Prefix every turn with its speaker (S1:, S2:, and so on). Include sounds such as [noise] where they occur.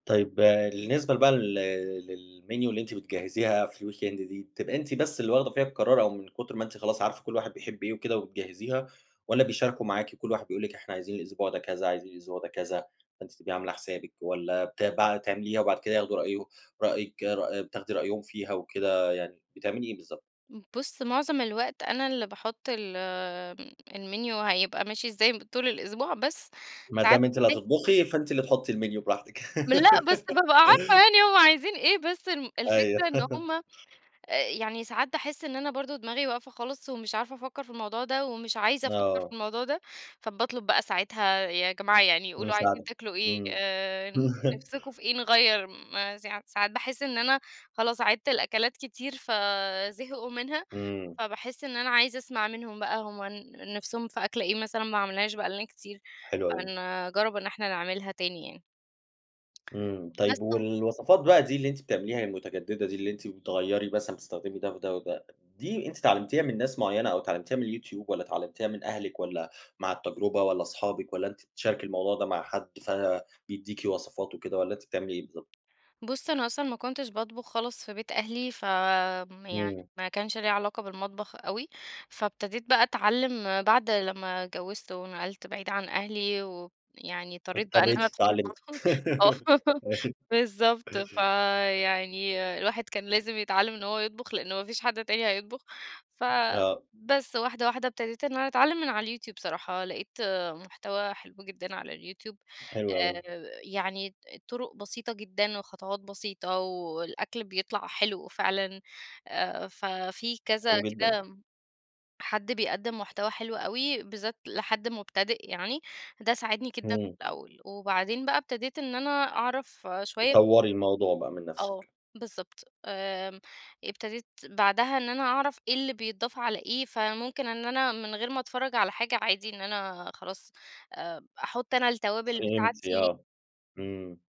S1: طيب بالنسبة بقى لل للmenu اللي أنتِ بتجهزيها في الweekend دي، بتبقى أنتِ بس اللي واخدة فيها القرار أو من كُتر ما أنتِ خلاص عارفة كل واحد بيحب إيه وكده وبتجهزيها والّا بيشاركوا معاكِ، كل واحد بيقول لِك إحنا عايزين الأسبوع ده كذا، عايزين الأسبوع ده كذا، فأنتِ تبقي عاملة حسابِك والّا بت بقى تعمليها وبعد كده ياخدوا رأيه رأيِك رأ بتاخدي رأيهم فيها وكده، يعني بتعملي إيه بالضبط؟
S2: بُص معظم الوقت أنا اللي باحُط ال الmenu هيبقى ماشي إزاي ب طول الأسبوع بس
S1: ما
S2: ساعات
S1: دام أنتِ اللي
S2: باحس
S1: هتطبخي، فأنتِ اللي تحُطي الmenu براحتِك.
S2: لأ، بس بابقى عارفة
S1: [laughs]
S2: يعني هو عايزين إيه بس الم
S1: أيوه.
S2: الفكرة إن
S1: [laughs]
S2: هُم، آآ، يعني ساعات باحس إن أنا برضه دماغي واقفة خالص ومش عارفة أفكر في الموضوع ده ومش عايزة أفكر في
S1: آه.
S2: الموضوع ده، فباطلب بقى ساعتها "يا جماعة يعني قولوا عايزين
S1: مساعدة،
S2: تاكلوا إيه؟
S1: إمم.
S2: آآ نفسُكم
S1: [chuckles]
S2: في إيه؟ نغيّر." م سا ساعات باحس إن أنا خلاص عيدت الأكلات كتير فزهقوا منها،
S1: إمم.
S2: فباحس إن أنا عايزة أسمع منهم بقى هُم ن نفسُهم في أكلة إيه مثلًا ما عملناهاش بقى لنا كتير
S1: حلو أوي.
S2: فنجرب إن إحنا نعملها تاني يعني.
S1: إمم،
S2: بس
S1: طيب
S2: و
S1: والوصفات بقى دي اللي أنتِ بتعمليها المتجددة دي اللي أنتِ بتغيّري مثلًا بتستخدمي ده وده وده، دي أنتِ اتعلمتيها من ناس معيّنة أو اتعلمتيها من الYouTube والّا اتعلمتيها من أهلِك والّا مع التجربة والّا صحابك والّا أنتِ بتشاركي الموضوع ده مع حد، فبيديكِ وصفات وكده والّا أنتِ بتعملي إيه بالضبط؟
S2: بُص، أنا أصلًا ما كنتش باطبخ خالص في بيت أهلي فآمم، يعني
S1: إمم.
S2: ما كانش ليَّ علاقة بالمطبخ أوي، فابتديت بقى أتعلم بعد لمّا اتجوزت ونقلت بعيد عن أهلي ويعني إِضطريت بقى إن
S1: اضطريتِ
S2: أنا أدخل
S1: تتعلمي،
S2: المطبخ،
S1: [laughs]
S2: [laughs] آه،
S1: أيوه.
S2: بالضبط،
S1: [chuckles]
S2: فيعني الواحد كان لازم يتعلم إن هو يطبخ، لأن ما فيش حد تاني هيطبخ،
S1: آه.
S2: فبس، واحدة واحدة ابتديت إن أنا أتعلم من على الYouTube بصراحة، لقيت مُحتوى حلو جدًا على الYouTube
S1: حلو أوي.
S2: آآ يعني ط طُرُق بسيطة جدًا وخطوات بسيطة والأكل بيطلع حلو فعلًا، آآ ففي كذا
S1: حلو جدًا.
S2: كام حد بيقدِم محتوى حلو أوي بالذات لحد مبتدئ يعني، ده ساعدني جدًا في
S1: إمم.
S2: الأول. وبعدين بقى ابتديت إن أنا أعرف شوية
S1: تطوري الموضوع بقى من
S2: آه
S1: نفسِك.
S2: بالضبط. آمم، ابتديت بعدها إن أنا أعرف إيه اللي بيتضاف على إيه، فممكن إن أنا من غير ما أتفرج على حاجة عادي، إن أنا خلاص آآ أحط أنا التوابل
S1: فهمتِ
S2: بتاعتي.
S1: آه، إمم.